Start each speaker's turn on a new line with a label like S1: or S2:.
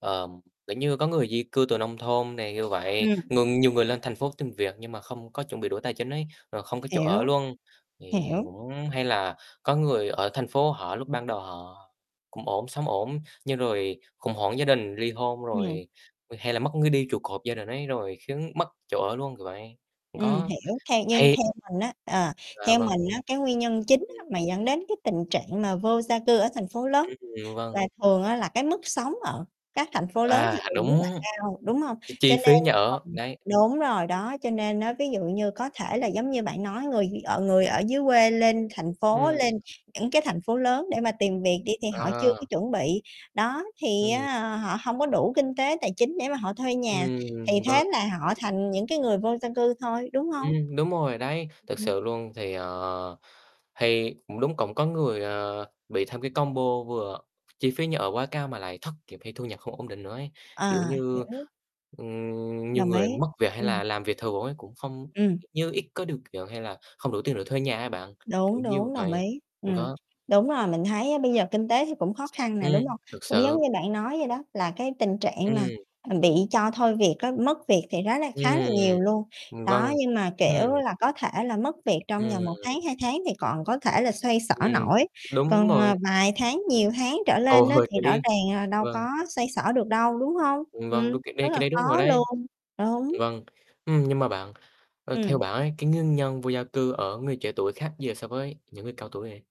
S1: Ờm, kiểu như có người di cư từ nông thôn nè như vậy,
S2: Ừm.
S1: ngừng nhiều người lên thành phố tìm việc nhưng mà không có chuẩn bị đủ tài chính ấy, rồi không có chỗ ở
S2: Hiểu.
S1: luôn, thì
S2: Hiểu.
S1: cũng hay là có người ở thành phố họ lúc ban đầu họ cũng ổn, sống ổn, nhưng rồi khủng hoảng gia đình, ly hôn
S2: Ừm.
S1: rồi, hay là mất ngươi đi trụ cột gia đình ấy, rồi khiến mất chỗ ở luôn, kiểu vậy.
S2: Ừm,
S1: Có,
S2: hiểu. Theo như
S1: hay
S2: theo mình á, ờ,
S1: À,
S2: theo
S1: vâng.
S2: mình á cái nguyên nhân chính á
S1: Ừm.
S2: mà dẫn đến cái tình trạng mà vô gia cư ở thành phố lớn
S1: [unintelligible] Vâng.
S2: là thường á là cái mức sống ở các thành phố lớn thì
S1: À,
S2: thường rất là
S1: đúng.
S2: cao, đúng hông?
S1: Cái
S2: Cho
S1: chi
S2: nên
S1: phí nhà ở,
S2: ờm,
S1: đấy.
S2: đúng rồi đó, cho nên á ví dụ như có thể là giống như bạn nói người thì ở người ở dưới quê lên thành phố,
S1: Ừm.
S2: lên những cái thành phố lớn để mà tìm việc đi thì họ chưa có
S1: À.
S2: chuẩn bị, đó, thì
S1: Ừm.
S2: á họ hông có đủ kinh tế tài chính để mà họ thuê nhà, thì
S1: Ừm, vâng.
S2: thế là họ thành những cái người vô gia cư thôi, đúng hông?
S1: Ừm, đúng rồi, đấy, thực
S2: Ừm.
S1: sự luôn. Thì, ờ thì cũng đúng, cũng có người, ờ, bị thêm cái combo vừa chi phí nhà ở quá cao, mà lại thất nghiệp, hay thu nhập không ổn định nữa ấy. Kiểu
S2: À,
S1: như,
S2: hiểu.
S1: ừm, nhiều
S2: Đồng ý,
S1: người mất việc, hay
S2: ừm.
S1: là làm việc thường ấy cũng không
S2: Ừm.
S1: kiểu như, ít có điều kiện, hay là không đủ tiền để thuê nhà ấy bạn,
S2: Đúng,
S1: kiểu như
S2: đúng, đồng
S1: vậy
S2: ý,
S1: cũng
S2: ừm.
S1: có.
S2: Đúng rồi, mình thấy á bây giờ kinh tế thì cũng khó khăn nè, đúng
S1: Ừm,
S2: hông?
S1: thực
S2: Cũng
S1: sự.
S2: giống như bạn nói vậy đó là cái tình trạng mà,
S1: Ừm.
S2: ừm, bị cho thôi việc á, mất việc thì rất là, khá là
S1: Ừm.
S2: nhiều luôn.
S1: Ừm,
S2: Đó,
S1: vâng.
S2: nhưng mà, kiểu
S1: Ừm.
S2: là, có thể là mất việc trong vòng 1 tháng,
S1: Ừm.
S2: 2 tháng thì còn có thể là xoay xở
S1: Ừm,
S2: nổi, còn,
S1: đúng mồi.
S2: ờ, vài tháng, nhiều tháng trở
S1: Ô,
S2: lên á
S1: hôi,
S2: thì
S1: cái
S2: rõ
S1: đấy
S2: ràng là đâu
S1: vâng.
S2: có xoay xở được đâu, đúng hông?
S1: Ừm,
S2: Ừm,
S1: vâng, đúng, cái
S2: rất
S1: đấy cái
S2: là
S1: đấy
S2: khó
S1: đúng rồi đấy.
S2: luôn, đúng.
S1: Vâng, ừm, nhưng mà bạn ơ, theo
S2: Ừm.
S1: bạn ấy, cái nguyên nhân vô gia cư ở người trẻ tuổi khác gì so với những người cao tuổi vậy?